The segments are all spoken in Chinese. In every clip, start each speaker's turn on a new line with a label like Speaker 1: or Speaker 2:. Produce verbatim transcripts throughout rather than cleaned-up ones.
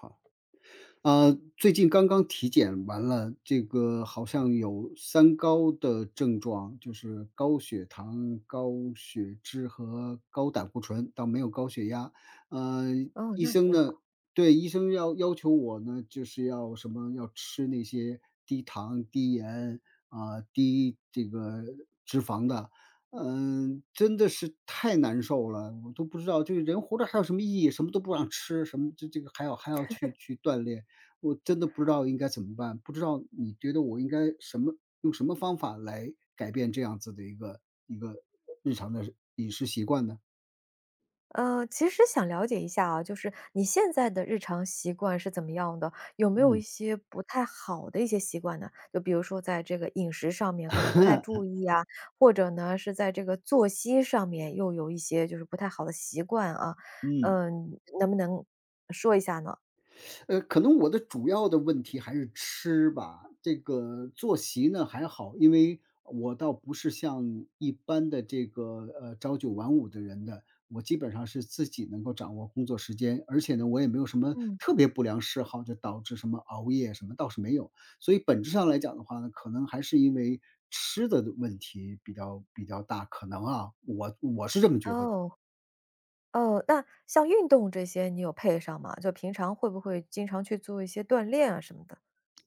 Speaker 1: 好。呃，最近刚刚体检完了，这个好像有“三高”的症状。就是高血糖、高血脂和高胆固醇，倒没有高血压。嗯，
Speaker 2: 哦，
Speaker 1: 医
Speaker 2: 那
Speaker 1: 生
Speaker 2: 挺
Speaker 1: 呢
Speaker 2: 好。
Speaker 1: 对，医生要要求我呢，就是要什么要吃那些低糖、低盐，啊，低这个脂肪的。嗯，真的是太难受了，我都不知道这个人活着还有什么意义，什么都不让吃，什么就这个还要还要去 去锻炼，我真的不知道应该怎么办。不知道你觉得我应该什么用什么方法来改变这样子的一个一个，日常的饮食习惯呢？
Speaker 2: 呃，其实想了解一下啊，就是你现在的日常习惯是怎么样的？有没有一
Speaker 1: 嗯。
Speaker 2: 些不太好的一些习惯呢？就比如说在这个饮食上面可能不太注 意啊，或者呢，是在这个作息上面又有一些就是不太好的习惯啊。
Speaker 1: 嗯。
Speaker 2: 呃，能不能，说一下呢？
Speaker 1: 呃，可能我的主要的问题还是吃吧。这个作席呢，还好。因为我倒不是像一般的这个，呃，朝九晚五的人的。我基本上是自己能够掌握工作时间，而且呢，我也没有什么
Speaker 2: 嗯。
Speaker 1: 特别不良嗜好，就导致什么熬夜什么，倒是没有。所以本质上来讲的话呢，可能还是因为吃的问题比较比较大。可能啊，我我是这么觉得的。
Speaker 2: 哦。哦，那像运动这些你有配上吗？就平常会不会经常去做一些锻炼啊，什么的？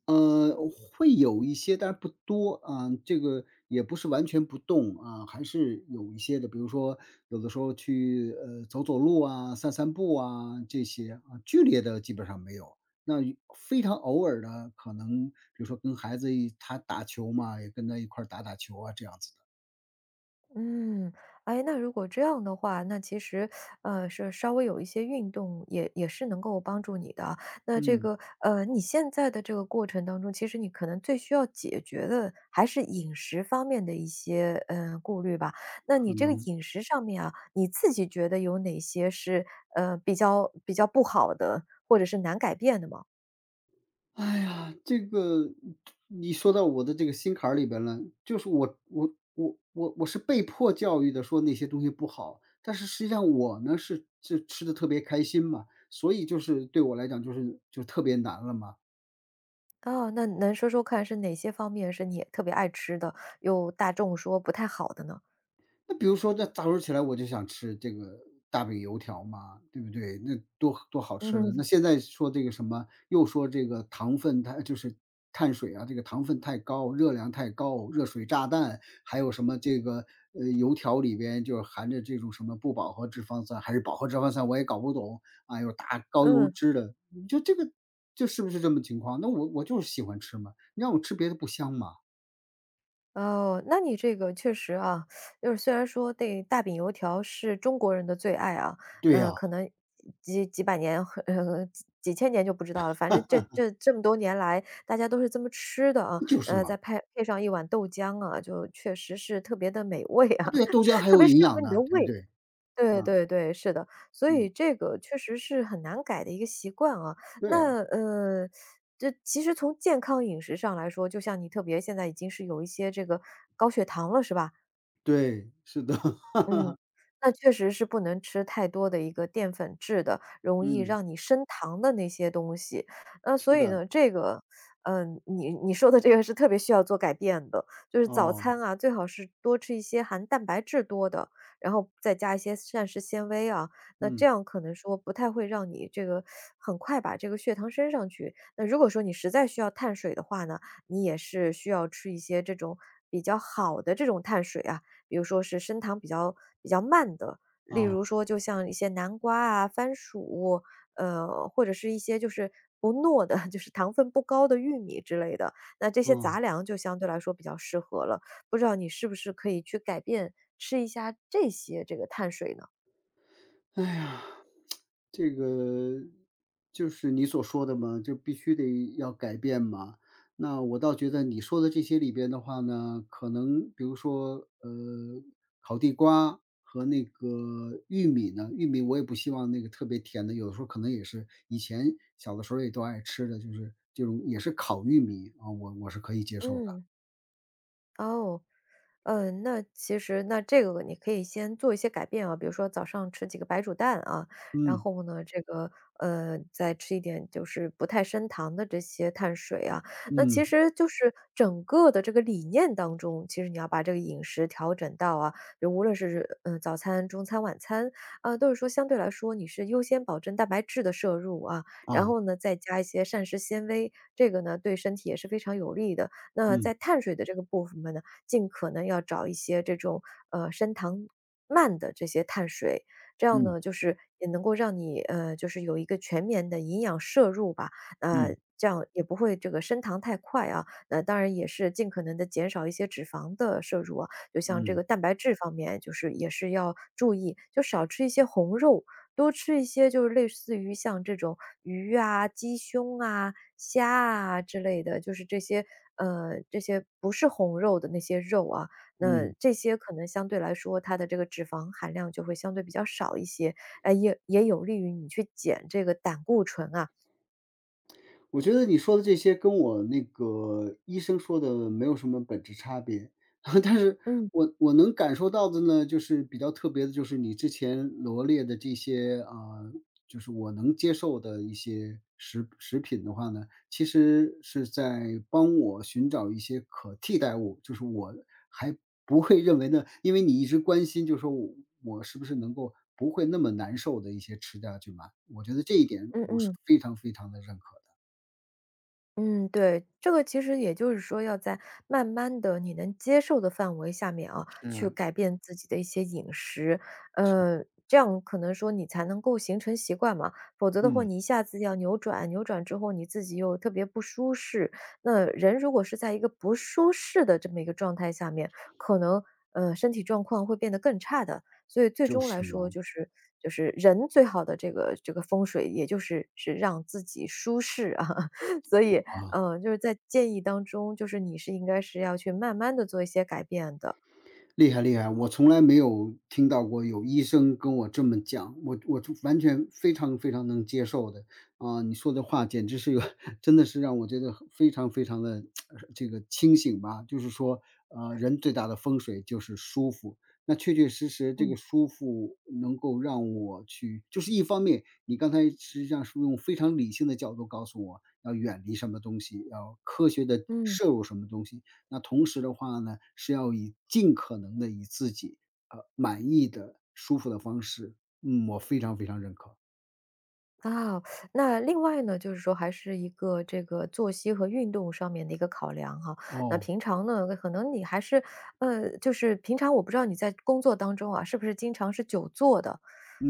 Speaker 1: 嗯，会有一些，但是不多。嗯，这个也不是完全不动，嗯，还是有一些的。比如说，有的时候去，呃，走走路啊、散散步啊，这些。啊。剧烈的基本上没有，那非常偶尔的，可能比如说跟孩子一他打球嘛，也跟他一块打打球啊，这样子的。
Speaker 2: 嗯。诶，那如果这样的话，那其实，呃，是稍微有一些运动，也也是能够帮助你的。那这
Speaker 1: 嗯。
Speaker 2: 个，呃，你现在的这个过程当中，其实你可能最需要解决的还是饮食方面的一些，呃，顾虑吧。那你
Speaker 1: 可
Speaker 2: 这个
Speaker 1: 能。
Speaker 2: 饮食上面啊，你自己觉得有哪些是，呃，比较比较不好的，或者是难改变的吗？
Speaker 1: 唉呀，这个你说到我的这个心坎儿里边了。就是我我我我是被迫教育的，说那些东西不好，但是实际上我呢，是是吃得特别开心嘛，所以就是对我来讲就是就特别难了嘛。
Speaker 2: 哦，那能说说看是哪些方面是你特别爱吃的，又大众说不太好的呢？
Speaker 1: 那比如说在早上起来我就想吃这个，大饼油条嘛，对不对？那多多好吃的。那
Speaker 2: 嗯。
Speaker 1: 现在说这个什么又说这个糖分，它就是碳水啊，这个糖分太高、热量太高、热水炸弹、还有什么这个，呃，油条里边就是含的这种什么不饱和脂肪酸还是饱和脂肪酸？我也搞不懂，啊，有大高油
Speaker 2: 嗯。
Speaker 1: 脂的，就这个，就是不是这么情况？那我我就是喜欢吃嘛，你让我吃别的不香嘛。
Speaker 2: 哦，那你这个确实啊，就是虽然说这大饼油条是中国人的最爱啊，
Speaker 1: 对
Speaker 2: 那
Speaker 1: 啊。
Speaker 2: 可能几几百年呃，几几千年就不知道了，反正这 这这么多年来大家都是这么吃的啊，
Speaker 1: 就是
Speaker 2: 呃，
Speaker 1: 嘛。
Speaker 2: 再派配上一碗豆浆啊，就确实是特别地，美味啊，
Speaker 1: 啊，对，豆浆 还
Speaker 2: 特
Speaker 1: 有
Speaker 2: 别适
Speaker 1: 营
Speaker 2: 合
Speaker 1: 养
Speaker 2: 你的
Speaker 1: 呢，对不
Speaker 2: 胃。
Speaker 1: 对？
Speaker 2: 对
Speaker 1: 嗯。
Speaker 2: 对对，是的。所以
Speaker 1: 嗯。
Speaker 2: 这个确实是很难改的一个习惯啊，
Speaker 1: 对啊。
Speaker 2: 那，呃，这其实从健康饮食上来说就像你特别现在已经是有一些这个高血糖了，是吧？
Speaker 1: 对。是的。
Speaker 2: 嗯，那确实是不能吃太多的一个淀粉质的，容易
Speaker 1: 嗯。
Speaker 2: 让你升糖的那些东西。那所
Speaker 1: 是
Speaker 2: 以
Speaker 1: 的。
Speaker 2: 呢这个，嗯，你你说的这个是特别需要做改变的。就是早
Speaker 1: 哦。
Speaker 2: 餐啊，最好是多吃一些含蛋白质多的，然后再加一些膳食纤维啊，那这
Speaker 1: 嗯。
Speaker 2: 样可能说不太会让你这个，很快把这个血糖升上去。那如果说你实在需要碳水的话呢，你也是需要吃一些这种，比较好的这种碳水啊，比如说是升糖比较比较慢的，例
Speaker 1: 哦。
Speaker 2: 如说就像一些南瓜啊、番薯，呃，或者是一些就是，不糯的，就是糖分不高的玉米之类的，那这些
Speaker 1: 嗯。
Speaker 2: 杂粮就相对来说比较适合了。不知道你是不是可以去改变？吃一下，这些，这个碳水呢？
Speaker 1: 哎呀，这个，就是你所说的嘛，这必须得要改变嘛？那我倒觉得你说的这些里边的话呢，可能比如说，呃，烤地瓜和那个玉米呢，玉米我也不希望那个特别甜的，有的时候可能也是以前小的时候也都爱吃的，就是这种也是烤玉米，啊，我我是可以接受的。
Speaker 2: 嗯。哦。嗯，那其实那这个你可以先做一些改变啊。比如说早上吃几个白煮蛋，啊，然
Speaker 1: 嗯。
Speaker 2: 后呢，这个嗯，再吃一点就是不太升糖的这些碳水啊。那
Speaker 1: 嗯。
Speaker 2: 其实就是整个的这个理念当中，其实你要把这个饮食调整到啊，就无论是是，嗯，早餐、中餐、晚餐，啊，都是说相对来说你是优先保证蛋白质的摄入啊，然
Speaker 1: 啊。
Speaker 2: 后呢，再加一些膳食纤维，这个呢，对身体也是非常有利的。那
Speaker 1: 嗯。
Speaker 2: 在碳水的这个部分分呢，尽可能要找一些这种，呃，升糖慢的这些碳水，这样
Speaker 1: 嗯。
Speaker 2: 呢，就是也能够让你，呃，就是有一个全眠的营养摄入吧。呃，
Speaker 1: 嗯。
Speaker 2: 这样也不会这个升糖太快啊，那当然也是尽可能地减少一些脂肪的摄入啊。就像这
Speaker 1: 嗯。
Speaker 2: 个蛋白质方面，就是也是要注意。就少吃一些红肉，多吃一些就是类似于像这种鱼啊、鸡胸啊、虾啊之类的，就是这些嗯，这些不是红肉的那些肉啊。那
Speaker 1: 嗯。
Speaker 2: 这些可能相对来说，它的这个脂肪含量就会相对比较少一些，哎，也也有利于你去减这个胆固醇啊。
Speaker 1: 我觉得你说的这些跟我那个医生说的没有什么本质差别。但是，
Speaker 2: 嗯。
Speaker 1: 我我能感受到的呢，就是比较特别的就是，你之前罗列的这些嗯，就是我能接受的一些食食品的话呢，其实是在帮我寻找一些可替代物。就是我还不会认为呢因为你一直关心就是说，我是不是能够不会那么难受的一些吃下去嘛，我觉得这一点
Speaker 2: 嗯
Speaker 1: 我是
Speaker 2: 嗯。
Speaker 1: 非常非常地认可的。
Speaker 2: 嗯，对。这个其实也就是说要在慢慢地，你能接受的范围下面啊，去
Speaker 1: 是。
Speaker 2: 改变自己的一些饮食。
Speaker 1: 是的。
Speaker 2: 嗯，这样可能说你才能够形成习惯嘛，否则的货
Speaker 1: 嗯。
Speaker 2: 你一下子要扭转，扭转之后你自己又特别不舒适。那人如果是在一个不舒适的这么一个状态下面，可能，呃，身体状况会变得更差的。所以最
Speaker 1: 就
Speaker 2: 终来
Speaker 1: 是
Speaker 2: 说，
Speaker 1: 嘛。
Speaker 2: 就是就是人最好的这个这个风水，也就是是让自己舒适。所以，
Speaker 1: 啊。
Speaker 2: 嗯，就是在建议当中，就是你是应该是要去慢慢地做一些改变的。
Speaker 1: 厉害厉害，我从来没有听到过有医生跟我这么讲，我我就完全非常非常能接受的。嗯，你说的话简直是一个，真的是让我觉得非常非常地，这个清醒吧。就是说，呃，人最大的风水就是舒服，那确确实实这
Speaker 2: 嗯。
Speaker 1: 个舒服能够让我去就是一方面，你刚才实际上是用非常理性的角度告诉我，要远离什么东西，要科学地
Speaker 2: 嗯。
Speaker 1: 摄入什么东西。那同时的话呢，是要以尽可能地以自己，呃，满意的、舒服的方式。嗯，我非常非常认可。
Speaker 2: 啊。那另外呢，就是说还是一个这个作息和运动上面的一个考量哈。那
Speaker 1: 哦。
Speaker 2: 平常呢，呃，可能你还是呃，就是，平常我不知道你在工作当中啊，是不是经常是久坐的？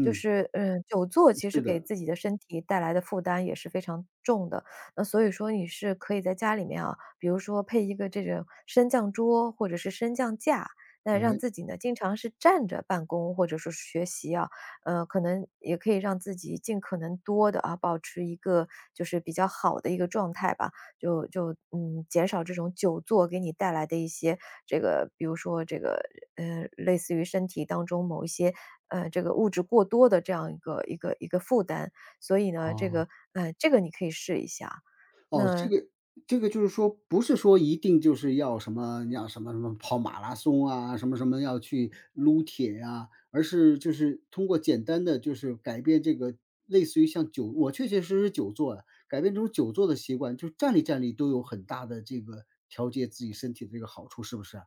Speaker 2: 就是，呃，久坐
Speaker 1: 嗯，
Speaker 2: 其实
Speaker 1: 是
Speaker 2: 给
Speaker 1: 的。
Speaker 2: 自己的身体带来的负担也是非常重的。呃，所以说你是可以在家里面啊，比如说配一个这种升降桌或者是升降架，那让
Speaker 1: 诶。
Speaker 2: 自己呢，经常是站着办公或者说是学习啊。呃，可能，也可以让自己尽可能多地啊，保持一个，就是比较好的一个状态吧。就就，嗯，减少这种久坐给你带来的一些，这个比如说这个，嗯，类似于身体当中某一些，嗯，这个物质过多的这样一个一个一个负担。所以呢，这
Speaker 1: 哦。
Speaker 2: 个，嗯，这个你可以试一下，
Speaker 1: 哦，这
Speaker 2: 那
Speaker 1: 个这个就是说，不是说一定就是要什么要什么什么跑马拉松啊，什么什么要去撸铁啊。而是就是通过简单的，就是改变这个类似于像久我确确实实久坐呀，改变这种久坐的习惯，就是站立站立都有很大的这个，调节自己身体的这个好处，是不是啊？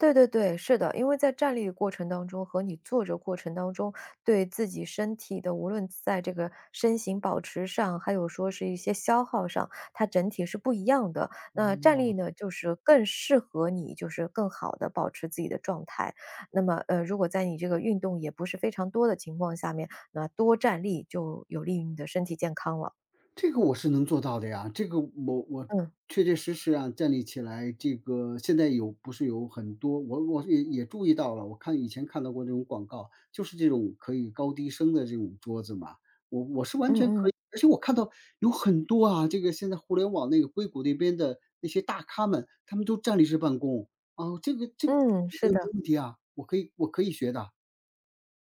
Speaker 2: 对对对，是的，因为在站立过程当中和你坐着过程当中，对自己身体的，无论在这个，身形保持上、还有说是一些消耗上，它整体是不一样的。那站立
Speaker 1: 哦。
Speaker 2: 呢，就是更适合你就是更好地保持自己的状态，那么，呃，如果在你这个运动也不是非常多的情况下面，那多站立就有利于你的身体健康了。
Speaker 1: 这个我是能做到的呀，这个我我
Speaker 2: 嗯。
Speaker 1: 确确实实啊，站立起来，这个现在有不是有很多我我也也注意到了，我看以前看到过这种广告，就是这种可以高低升的这种桌子嘛。我我是完
Speaker 2: 嗯
Speaker 1: 全可以
Speaker 2: 嗯。
Speaker 1: 而且我看到有很多啊，这个现在互联网那个硅谷那边的，那些大咖们，他们都站立式办公，啊，这个这个
Speaker 2: 嗯，
Speaker 1: 我觉
Speaker 2: 是
Speaker 1: 得
Speaker 2: 的。
Speaker 1: 没问题啊，我可以我可以学的。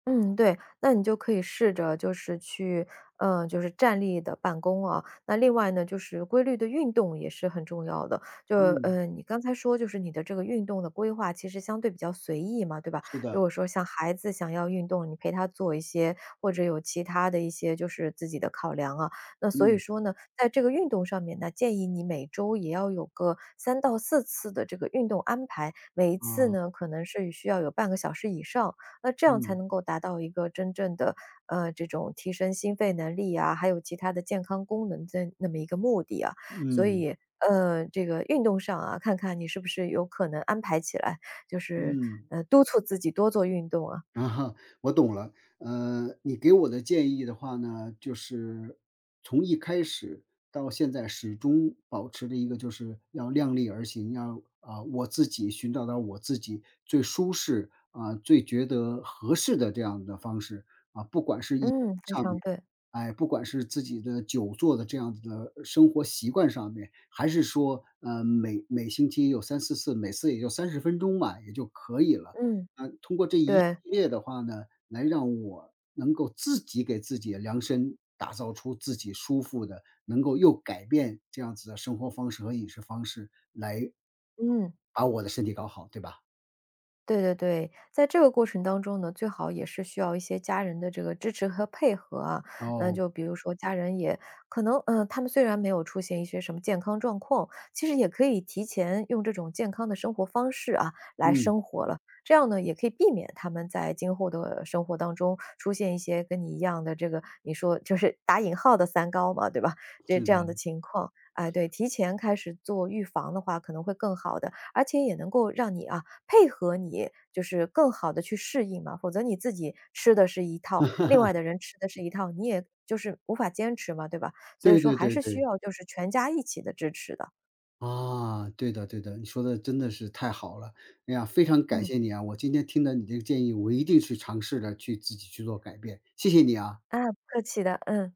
Speaker 2: 嗯，对，那你就可以试着就是去呃，就是站立地办公啊。那另外呢就是规律地运动也是很重要的。就，
Speaker 1: 嗯。
Speaker 2: 嗯，你刚才说就是你的这个运动的规划其实相对比较随意嘛，对吧？
Speaker 1: 是
Speaker 2: 如
Speaker 1: 的。
Speaker 2: 果说像孩子想要运动，你陪他做一些，或者有其他的一些就是自己的考量啊。那所以
Speaker 1: 嗯。
Speaker 2: 说呢，在这个运动上面，那建议你每周也要有个，三到四次的这个运动安排，每一次
Speaker 1: 嗯。
Speaker 2: 呢可能是需要有半个小时以上，那这样才
Speaker 1: 嗯。
Speaker 2: 能够达到一个真正的，呃，这种提升心肺能力啊，还有其他的健康功能的那么一个目的啊，所
Speaker 1: 嗯。
Speaker 2: 以，呃，这个运动上啊，看看你是不是有可能安排起来？就是，
Speaker 1: 嗯。
Speaker 2: 呃，督促自己多做运动啊。
Speaker 1: 我懂了。嗯，你给我的建议的话呢，就是，从一开始，到现在始终保持着一个就是，要量力而行，要啊，我自己寻找到我自己最舒适，啊，最觉得合适的这样的方式，
Speaker 2: 嗯，
Speaker 1: 啊，不管是饮食
Speaker 2: 非
Speaker 1: 上面，
Speaker 2: 常对。
Speaker 1: 哎，不管是自己的久坐的这样子的生活习惯上面，还是说，嗯，每每星期有三四次，每次也就三十分钟吧，也就可以了。
Speaker 2: 嗯。对。
Speaker 1: 嗯，通过这一系列的话呢，来让我，能够自己给自己量身，打造出自己舒服的，能够又改变这样子的生活方式和饮食方式，来
Speaker 2: 嗯。
Speaker 1: 把我的身体搞好，对吧？
Speaker 2: 对对对，在这个过程当中呢，最好也是需要一些家人的这个支持和配合啊。那
Speaker 1: 哦。
Speaker 2: 就比如说家人也可能，呃，他们虽然没有出现一些什么健康状况，其实也可以提前用这种健康的生活方式啊，来
Speaker 1: 嗯。
Speaker 2: 生活了，这样呢也可以避免他们在今后的生活当中，出现一些跟你一样的这个，你说就是打引号的“三高”嘛，对吧？就
Speaker 1: 是
Speaker 2: 这样
Speaker 1: 的。
Speaker 2: 的情况。哎，对，提前开始做预防的话可能会更好的，而且也能够让你啊配合你，就是更好地去适应啊，否则你自己吃的是一套，另外 的人吃的是一套，你也就是无法坚持嘛，对吧？所以
Speaker 1: 对
Speaker 2: 说
Speaker 1: 对
Speaker 2: 还
Speaker 1: 对
Speaker 2: 是需
Speaker 1: 对。
Speaker 2: 要就是全家一起的支持的。
Speaker 1: 啊，对的对的，你说得真的是太好了，哎呀，非常感
Speaker 2: 嗯。
Speaker 1: 谢你啊，我今天听了你这个建议，我一定去尝试着去自己去做改变，谢谢你啊。
Speaker 2: 啊，不客气的。嗯。